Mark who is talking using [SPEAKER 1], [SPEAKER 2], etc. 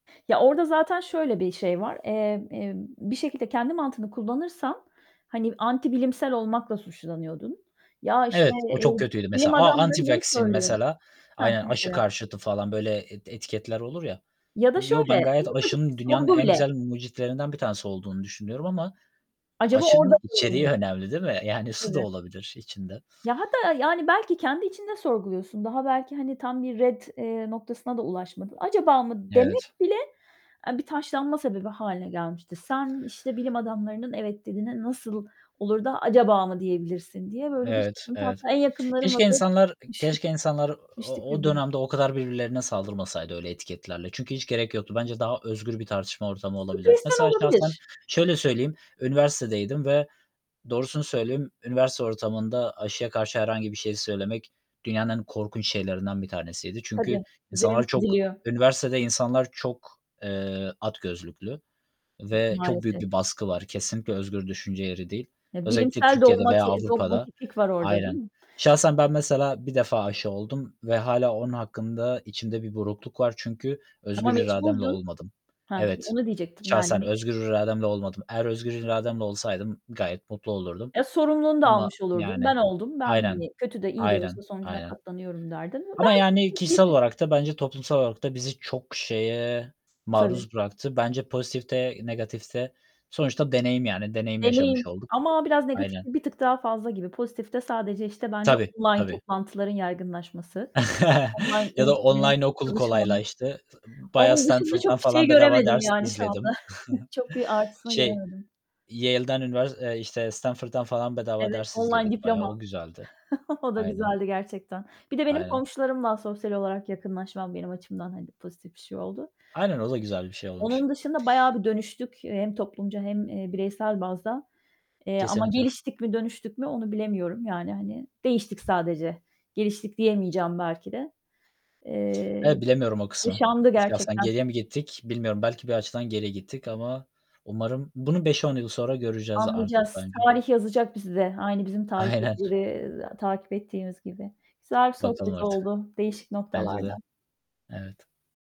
[SPEAKER 1] Ya, orada zaten şöyle bir şey var. Emm, emm, bir şekilde kendi mantığını kullanırsan hani, antibilimsel olmakla suçlanıyordun. Ya, işte,
[SPEAKER 2] Evet, o
[SPEAKER 1] eee,
[SPEAKER 2] çok kötüydü
[SPEAKER 1] "Bilim
[SPEAKER 2] mesela. A
[SPEAKER 1] adamları bunu
[SPEAKER 2] anti-vaccine
[SPEAKER 1] söylüyor."
[SPEAKER 2] mesela,
[SPEAKER 1] Hah.
[SPEAKER 2] aynen, aşı
[SPEAKER 1] Mesela.
[SPEAKER 2] karşıtı falan böyle eti etiketler olur ya.
[SPEAKER 1] Ya da
[SPEAKER 2] Yo,
[SPEAKER 1] şöyle,
[SPEAKER 2] ben
[SPEAKER 1] en
[SPEAKER 2] gayet
[SPEAKER 1] ufacık bir
[SPEAKER 2] aşının dünyanın
[SPEAKER 1] sorgu
[SPEAKER 2] en
[SPEAKER 1] bile.
[SPEAKER 2] güzel mucitlerinden bir tanesi olduğunu düşünüyorum ama
[SPEAKER 1] Acaba orada.
[SPEAKER 2] aşının içeriği
[SPEAKER 1] [unintelligible]
[SPEAKER 2] önemli değil mi? Yani, suda
[SPEAKER 1] Tabii.
[SPEAKER 2] olabilir içinde.
[SPEAKER 1] Ya hatta, yani, belki kendi içinde sorguluyorsun; daha belki, hani, tam bir ret, eee, noktasına da ulaşmadı. "Acaba mı?" demek
[SPEAKER 2] Evet.
[SPEAKER 1] bile, eee, bir taşlanma sebebi hâline gelmişti. "Sen, işte, bilim adamlarının 'Evet.' dediğine nasıl olur da 'Acaba mı?' diyebilirsin?" diye böyle bir
[SPEAKER 2] Evet,
[SPEAKER 1] sıkıntı
[SPEAKER 2] evet.
[SPEAKER 1] [unintelligible] En yakınlarımla
[SPEAKER 2] Keşke
[SPEAKER 1] da.
[SPEAKER 2] insanlar
[SPEAKER 1] [unintelligible]
[SPEAKER 2] keşke insanlar
[SPEAKER 1] ..düştük
[SPEAKER 2] o o
[SPEAKER 1] birbirimize.
[SPEAKER 2] dönemde o kadar birbirlerine saldırmasaydı öyle etiketlerle çünkü hiç gerek yoktu. Bence daha özgür bir tartışma ortamı olabilirdi.
[SPEAKER 1] Stresten
[SPEAKER 2] Mesela şahsen
[SPEAKER 1] olabilir.
[SPEAKER 2] şöyle söyleyeyim; üniversitedeydim ve doğrusunu söyleyeyim, üniversite ortamında aşıya karşı herhangi bir şey söylemek dünyanın en korkunç şeylerinden bir tanesiydi
[SPEAKER 1] Tabii.
[SPEAKER 2] çünkü
[SPEAKER 1] Üzerin
[SPEAKER 2] insanlar çok,
[SPEAKER 1] çiziliyor.
[SPEAKER 2] üniversitede insanlar çok, eee, at gözlüklü
[SPEAKER 1] Gı
[SPEAKER 2] ve çok büyük
[SPEAKER 1] maalesef.
[SPEAKER 2] bir baskı var. Kesinlikle özgür düşünce yeri değil.
[SPEAKER 1] Ya
[SPEAKER 2] Özellikle
[SPEAKER 1] bilimsel
[SPEAKER 2] Türkiye'de veya
[SPEAKER 1] dogmati
[SPEAKER 2] Avrupa'da,
[SPEAKER 1] dogmatiklik var orada değil
[SPEAKER 2] aynen.
[SPEAKER 1] mi?
[SPEAKER 2] Şahsen ben mesela 1 defa aşı oldum ve hâlâ onun hakkında içimde bir burukluk var çünkü
[SPEAKER 1] Ama
[SPEAKER 2] özgür irademle
[SPEAKER 1] mecburdun.
[SPEAKER 2] olmadım.
[SPEAKER 1] Hah,
[SPEAKER 2] Evet,
[SPEAKER 1] onu diyecektim yani.
[SPEAKER 2] şahsen
[SPEAKER 1] [unintelligible]
[SPEAKER 2] özgür irademle olmadım. Eğer özgür irademle olsaydım gayet mutlu olurdum
[SPEAKER 1] Eee, sorumluluğunu da
[SPEAKER 2] ama,
[SPEAKER 1] almış olurdun;
[SPEAKER 2] yani
[SPEAKER 1] "Ben oldum, ben,
[SPEAKER 2] Aynen,
[SPEAKER 1] hani, kötü de iyi de
[SPEAKER 2] aynen,
[SPEAKER 1] olsa sonucuna
[SPEAKER 2] aynen.
[SPEAKER 1] katlanıyorum." derdin.
[SPEAKER 2] Ama,
[SPEAKER 1] Belki.
[SPEAKER 2] yani, kişisel
[SPEAKER 1] [unintelligible]
[SPEAKER 2] olarak da bence toplumsal olarak da bizi çok şeye
[SPEAKER 1] Tabii.
[SPEAKER 2] maruz bıraktı. Bence pozitif de negatif de sonuçta deneyim, yani, deneyim
[SPEAKER 1] Deneyim
[SPEAKER 2] yaşamış olduk.
[SPEAKER 1] ama biraz
[SPEAKER 2] Aynen.
[SPEAKER 1] negatifte bir tık daha fazla gibi. Pozitifte sadece, işte, bence
[SPEAKER 2] Tabii,
[SPEAKER 1] online
[SPEAKER 2] tabii.
[SPEAKER 1] toplantıların yaygınlaşması. Online
[SPEAKER 2] Ya da
[SPEAKER 1] eğitimlerin,
[SPEAKER 2] online okul
[SPEAKER 1] çalışmanın
[SPEAKER 2] kolaylaştı. I bayağı
[SPEAKER 1] Onun dışında
[SPEAKER 2] Stanford'dan
[SPEAKER 1] çok bir şey
[SPEAKER 2] falan bedava
[SPEAKER 1] göremedim,
[SPEAKER 2] ders
[SPEAKER 1] yani, şu anda.
[SPEAKER 2] izledim.
[SPEAKER 1] Çok bir artısını
[SPEAKER 2] Şey,
[SPEAKER 1] göremedim.
[SPEAKER 2] Yale'den, üniver eee, işte, Stanford'dan falan bedava
[SPEAKER 1] Evet,
[SPEAKER 2] ders
[SPEAKER 1] online
[SPEAKER 2] izledik bayağı,
[SPEAKER 1] diplomam.
[SPEAKER 2] o güzeldi.
[SPEAKER 1] O da
[SPEAKER 2] Aynen.
[SPEAKER 1] güzeldi gerçekten. Bir de benim
[SPEAKER 2] Aynen.
[SPEAKER 1] komşularımla sosyal olarak yakınlaşmam benim açımdan, hani, pozitif bir şey oldu.
[SPEAKER 2] Aynen, o da güzel bir şey olmuş.
[SPEAKER 1] Onun dışında bayağı bir dönüştük, eee, hem toplumca hem i bireysel bazda, eee, ama
[SPEAKER 2] Kesinlikle.
[SPEAKER 1] geliştik mi, dönüştük mü onu bilemiyorum. Yani, hani, değiştik sadece. Geliştik diyemeyeceğim belki de. Eee,
[SPEAKER 2] Evet, bilemiyorum o kısmı.
[SPEAKER 1] yaşandı
[SPEAKER 2] İşte, aslında
[SPEAKER 1] gerçekten.
[SPEAKER 2] geriye mi gittik bilmiyorum. Belki bir açıdan geriye gittik ama umarım bunu 5-10 yıl sonra göreceğiz artık
[SPEAKER 1] Anlayacağız.
[SPEAKER 2] bence.
[SPEAKER 1] Tarih yazacak bize, aynı bizim
[SPEAKER 2] Aynen.
[SPEAKER 1] tarihtekileri, eee, takip ettiğimiz gibi. Güzel bir
[SPEAKER 2] Bakalım
[SPEAKER 1] sohbet
[SPEAKER 2] artık.
[SPEAKER 1] oldu, değişik
[SPEAKER 2] Bence de.
[SPEAKER 1] noktalardan.
[SPEAKER 2] Evet.